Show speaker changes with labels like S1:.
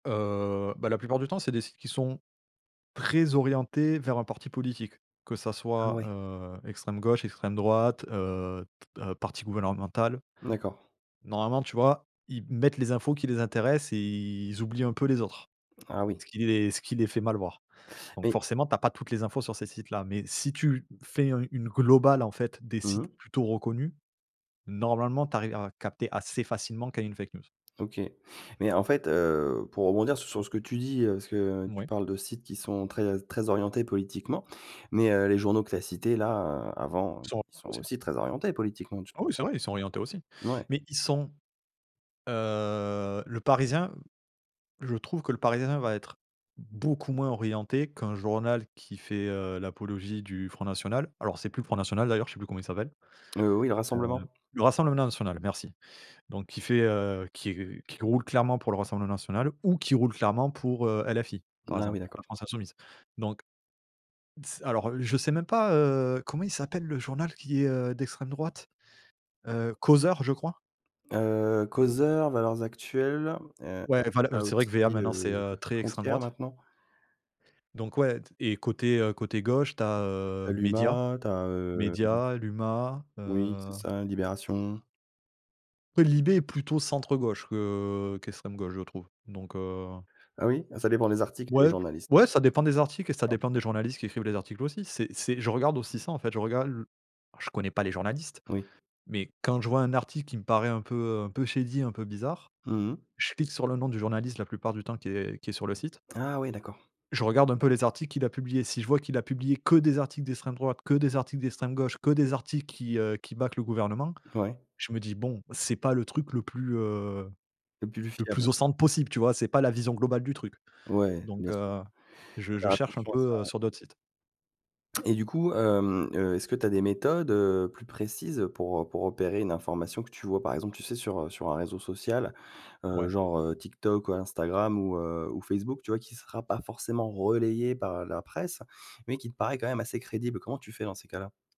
S1: Heu, bah, la plupart du temps c'est des sites qui sont très orientés vers un parti politique, que ça soit,
S2: Mouais.
S1: heu, extrême gauche, extrême droite, heu, t heu, parti gouvernemental
S2: D'accord.
S1: normalement tu vois, ils m mettent les infos qui les intéressent et ils oublient un peu les autres.
S2: Ah oui.
S1: Ce qui les ce qui les fait mal voir. Donc
S2: Mais
S1: forcément tu as pas toutes les infos sur ces sites-là, mais si tu, fais un une globale, en fait, des
S2: Mmh
S1: sites
S2: mh.
S1: plutôt reconnus, normalement tu arrives à capter assez facilement quand il y a une fake news.
S2: OK. Mais en fait, heu, pour rebondir s sur ce que tu dis, heu, parce que tu
S1: Mouais.
S2: parles de sites qui sont très très orientés politiquement, mais, heu, les journaux que tu as cités, là, heu, avant,
S1: Ils sont
S2: ils sont
S1: orientés aussi.
S2: aussi très orientés politiquement. Tu
S1: Ah, oui c'est
S2: penses pas?
S1: vrai, ils sont orientés aussi.
S2: Mouais.
S1: Mais ils sont, heu, Le Parisien, je trouve que Le Parisien va être beaucoup moins orienté qu'un journal qui fait, heu, l'apologie du Front national. Alors c'est plus Front national d'ailleurs, je sais plus comment il s'appelle.
S2: Heu, oui le
S1: Heu,
S2: Rassemblement.
S1: le Rassemblement National merci. Donc qui fait, heu, qui r qui roule clairement pour le Rassemblement National ou qui roule clairement pour, heu, LFI, par
S2: Ah,
S1: exemple,
S2: oui
S1: La
S2: d'accord.
S1: France Insoumise. Donc d s alors, heu, je sais même pas, heu, comment il s'appelle le journal qui est, heu, d'extrême droite, heu, Causeur je crois?
S2: Heu Causeur, Valeurs actuelles, heu,
S1: Ouais.
S2: tu
S1: Enfin le, heu,
S2: as
S1: c'est vrai que VA
S2: aussi,
S1: maintenant c'est,
S2: heu,
S1: heu, très extrême
S2: Frontières
S1: droite.
S2: maintenant.
S1: Donc ouais t et côté, heu, côté gauche tu as,
S2: Tu
S1: heu,
S2: as
S1: Médias,
S2: l'Humanité, tu as hem
S1: Médias, l'Huma,
S2: Oui, c'est
S1: heu
S2: ça, Libération.
S1: Après Libé est plutôt centre gauche que qu'extrême gauche, je trouve donc, heu
S2: Ah oui? Ah ça dépend les articles et les
S1: Ouais.
S2: journalistes.
S1: Ouais ça dépend des articles et ça
S2: [unintelligible]
S1: dépend des journalistes qui écrivent les articles aussi. C'est c'est je regarde aussi ça en fait, je regarde l je connais pas les journalistes,
S2: Oui.
S1: mais quand je vois un article qui me paraît un peu un peu shady, un peu bizarre.
S2: Mmh mh.
S1: Je clique sur le nom du journaliste la plupart du temps qui est qui est sur le site
S2: Ah! Ouais d'accord.
S1: je regarde un peu les articles qu'il a publiés. Si je vois qu'il a publié que des articles d'extrême droite, que des articles d'extrême gauche, que des articles qui, heu, qui back le gouvernement,
S2: Ouais.
S1: je me dis: «Bon, c'est pas le truc le plus, heu,
S2: Le plus
S1: le
S2: fiable.
S1: plus au centre possible». Tu vois? C'est pas la vision globale du truc.
S2: Ouais, bien
S1: Donc,
S2: sûr,
S1: heu, je
S2: faut
S1: je
S2: faire
S1: cherche un
S2: attention à ça
S1: peu, heu,
S2: ouais.
S1: sur d'autres sites.
S2: Et du coup, hem, heu, est-ce que tu as des méthodes, heu, plus précises pour, heu, pour repérer une information que tu vois? Par exemple, tu sais sur, heu, sur un réseau social, heu,
S1: Ouais.
S2: genre, heu, TikTok ou Instagram ou, heu, ou Facebook, tu vois? Qui sera pas forcément relayé par la presse, mais qui te paraît quand même assez crédible. Comment tu fais dans ces cas-là?